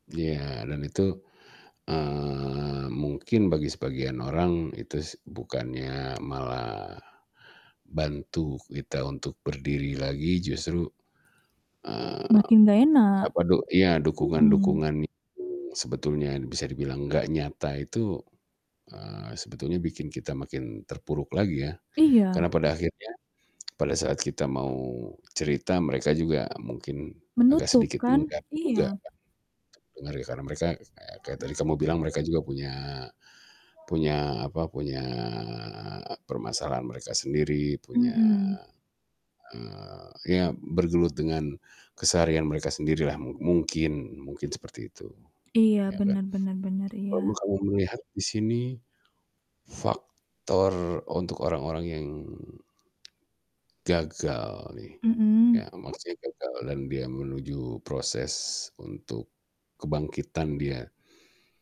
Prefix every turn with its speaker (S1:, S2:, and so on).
S1: Iya, dan itu, eee, mungkin bagi sebagian orang, itu s bukannya malah bantu kita untuk berdiri lagi, justru, eee,
S2: Makin enggak enak.
S1: apa du iya,
S2: Mhm.
S1: dukungan-dukungan yang sebetulnya bisa dibilang nggak nyata itu, eee, sebetulnya bikin kita makin terpuruk lagi ya.
S2: Iya.
S1: Karena pada akhirnya pada saat kita mau cerita, mereka juga mungkin agak
S2: Menutup
S1: sedikit
S2: kan?
S1: enggan juga
S2: Iya.
S1: kan. Denger, ya karena mereka kayak kayak tadi kamu bilang mereka juga punya, punya apa, punya permasalahan mereka sendiri, punya,
S2: Mhm.
S1: eee ya, bergelut dengan keseharian mereka sendirilah. Mu mungkin, mungkin seperti itu,
S2: Iya,
S1: iya kan.
S2: benar benar benar. Iya.
S1: Walaupun kamu melihat di sini faktor untuk orang-orang yang gagal nih. Ya
S2: Mhm.
S1: maksudnya gagal dan dia menuju proses untuk kebangkitan dia.